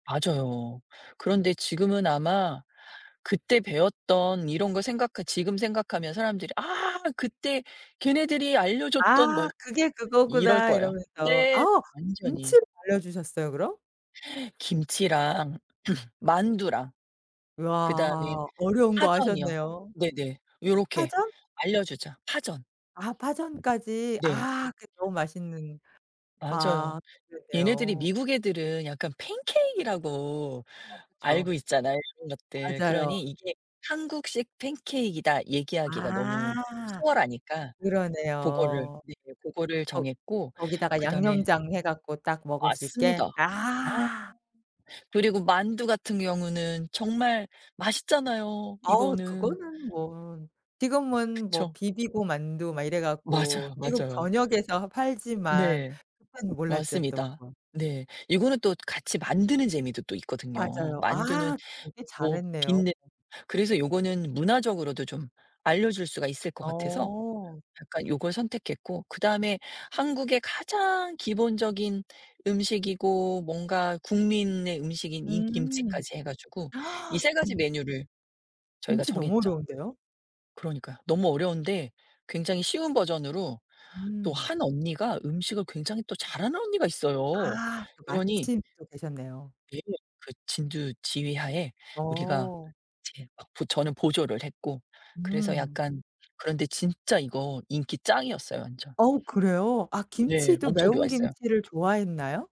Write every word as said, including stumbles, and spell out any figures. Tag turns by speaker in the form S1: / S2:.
S1: 맞아요. 그런데 지금은 아마 그때 배웠던 이런 걸 생각하 지금 생각하면 사람들이 "아, 그때 걔네들이 알려줬던 뭐"
S2: "아 그게
S1: 이럴
S2: 그거구나"
S1: 거예요.
S2: 이러면서
S1: 네
S2: 아
S1: 완전히.
S2: 김치를 알려주셨어요, 그럼?
S1: 김치랑 만두랑 그다음에
S2: 와 어려운 거
S1: 파전이요.
S2: 하셨네요.
S1: 네네. 요렇게
S2: 파전?
S1: 알려주자. 파전.
S2: 아 파전까지.
S1: 네.
S2: 아 그 너무 맛있는
S1: 맞아요.
S2: 아
S1: 얘네들이
S2: 그러네요.
S1: 미국 애들은 약간 pancake이라고
S2: 어 그죠.
S1: 알고 있잖아요 이런 것들.
S2: 맞아요.
S1: 그러니 "이게 한국식 pancake이다." 얘기하기가
S2: 아
S1: 너무 수월하니까 고거를
S2: 그러네요.
S1: 네. 고거를
S2: 거우
S1: 정했고.
S2: 거기다가
S1: 그다음에
S2: 양념장 해 갖고 딱 먹을 수 있게?
S1: 맞습니다. 어
S2: 아.
S1: 그리고 만두 같은 경우는 정말 맛있잖아요,
S2: 어우
S1: 이거는.
S2: 그거는 뭐 지금은 뭐
S1: 그쵸.
S2: 비비고 만두 막 이래갖고
S1: 맞아요,
S2: 미국
S1: 맞아요.
S2: 전역에서 팔지만
S1: 네
S2: 그땐 몰랐죠 또
S1: 맞습니다.
S2: 그건.
S1: 네. 이거는 또 같이 만드는 재미도 또 있거든요.
S2: 맞아요.
S1: 만두는
S2: 아 되게
S1: 뭐
S2: 잘했네요.
S1: 빛내 그래서 이거는 문화적으로도 좀 알려줄 수가 있을 것 같아서
S2: 어.
S1: 약간 이걸 선택했고, 그다음에 한국의 가장 기본적인 음식이고 뭔가 국민의 음식인 인
S2: 음.
S1: 김치까지 해 가지고 이 세 가지
S2: 진
S1: 메뉴를 저희가
S2: 김치 너무
S1: 정했죠.
S2: 어려운데요?
S1: 그러니까요. 너무 어려운데 굉장히 쉬운 버전으로 또
S2: 음.
S1: 한 언니가 음식을 굉장히 또 잘하는 언니가 있어요.
S2: 아
S1: 그러니
S2: 마침 또 계셨네요.
S1: 네 그 진두 지휘하에 우리가
S2: 어.
S1: 이제 저는 보조를 했고, 그래서
S2: 음.
S1: 약간 그런데 진짜 이거 인기 짱이었어요, 완전.
S2: 어우 그래요? 아
S1: 네,
S2: 김치도
S1: 엄청
S2: 매운
S1: 좋아했어요.
S2: 김치를 좋아했나요?